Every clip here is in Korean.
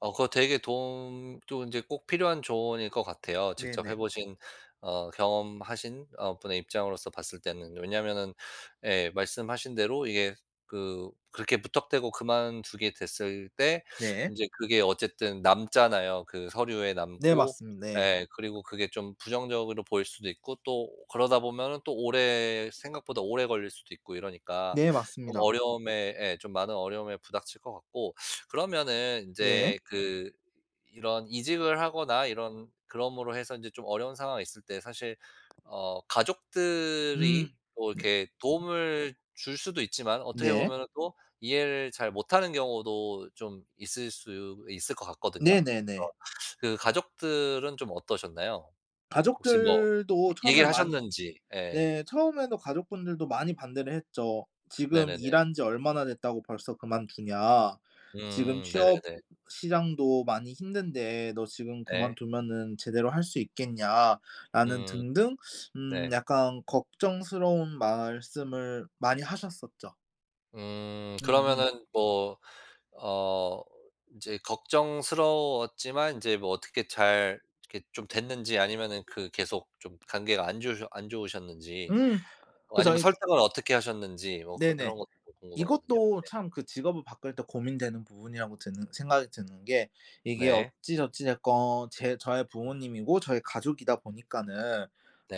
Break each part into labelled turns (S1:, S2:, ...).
S1: 어 그거 되게 도움 또 인제 꼭 필요한 조언일 것 같아요 직접 해
S2: 네네.
S1: 보신 어 경험하신 어 분의 입장으로서 봤을 때는. 왜냐하면은 예 말씀하신 대로 이게 그 그렇게 무턱대고 그만두게 됐을 때
S2: 네.
S1: 인제 그게 어쨌든 남잖아요. 그 서류에
S2: 네
S1: 남고
S2: 맞습니 네.
S1: 예 그리고 그게 좀 부정적으로 보일 수도 있고 또 그러다 보면은 또 오래 생각보다 오래 걸릴 수도 있고 이러니까
S2: 네
S1: 좀
S2: 맞습니다.
S1: 어려움에 예 좀 많은 어려움에 부닥칠 것 같고. 그러면은
S2: 네.
S1: 인제 그 이런 이직을 하거나 이런 그러므로 해서 이제 좀 어려운 상황이 있을 때 사실 어
S2: 음.
S1: 가족들이 뭐
S2: 네.
S1: 이렇게
S2: 음.
S1: 도움을 줄 수도 있지만 어떻게
S2: 네.
S1: 보면은 또 이해를 잘 못하는 경우도 좀 있을 수 있을 것 같거든요.
S2: 네네네.
S1: 그래서 그 가족들은 좀 어떠셨나요? 혹시 뭐
S2: 가족들도
S1: 얘기를
S2: 처음에는 많이
S1: 하셨는지. 예.
S2: 네 처음에도 가족분들도 많이 반대를 했죠. "지금
S1: 네네네.
S2: 일한 지 얼마나 됐다고 벌써 그만두냐. 지금
S1: 음
S2: 취업
S1: 네네네.
S2: 시장도 많이 힘든데 너 지금
S1: 예.
S2: 그만두면은 제대로 할 수 있겠냐."라는
S1: 음.
S2: 등등 음
S1: 네.
S2: 약간 걱정스러운 말씀을 많이 하셨었죠.
S1: 음.
S2: 음음.
S1: 그러면은 뭐 어 이제 걱정스러웠지만 인제 뭐 어떻게 잘 이렇게 좀 됐는지 아니면은 그 계속 좀 관계가 안 좋으셨 안 좋으셨는지
S2: 음.
S1: 어
S2: 그래서
S1: 아니면
S2: 이
S1: 설득은 어떻게 하셨는지 뭐 그
S2: 네네.
S1: 이런 것도 궁금하거든요?
S2: 이것도
S1: 네.
S2: 참 그 직업을 바꿀 때 고민되는 부분이라고 드는 생각이 드는 게 이게
S1: 네.
S2: 어찌저찌 됐건 제 저의 부모님이고 저의 가족이다 보니까는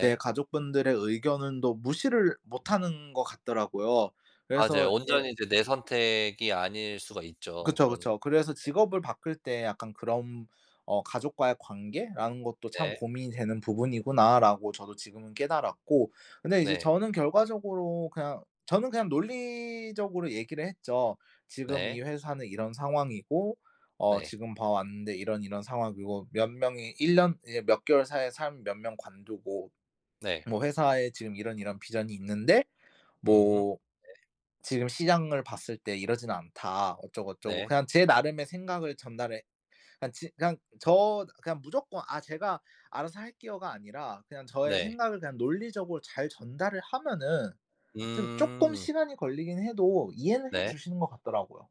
S2: 제 가족분들의 의견도 무시를 못 하는 것 같더라고요.
S1: 맞아요.
S2: 그래서 예.
S1: 온전히 이제 내 선택이 아닐 수가 있죠
S2: 그쵸,
S1: 그런
S2: 그쵸.
S1: 순간에.
S2: 그래서 직업을 바꿀 때 약간 그런 어 '가족과의 관계라는 것도 참
S1: 네.
S2: 고민이 되는 부분이구나.'라고 저도 지금은 깨달았고 근데 이제
S1: 네.
S2: 저는 결과적으로 그냥 저는 그냥 논리적으로 얘기를 했죠. "지금 이
S1: 네.
S2: 회사는 이런 상황이고 어
S1: 네.
S2: 지금 봐 왔는데 이런, 이런 상황이고 몇 명이 1 년 이제 몇 개월 사이에 사람이 몇 명 관두고
S1: 네.
S2: 뭐 회사에 지금 이런, 이런 비전이 있는데
S1: 음.
S2: 뭐
S1: 네.
S2: 지금 시장을 봤을 때 이러진 않다." 어쩌고, 어쩌고
S1: 네.
S2: 그냥 제 나름의 생각을 전달해 그냥 지 그냥 저 그냥 무조건 "아 제가 알아서 할게요."가 아니라 그냥 저의
S1: 네.
S2: 생각을 그냥 논리적으로 잘 전달을 하면은 좀 쪼끔
S1: 음.
S2: 시간이 걸리긴 해도 이해는 해
S1: 네.
S2: 주시는 것 같더라고요.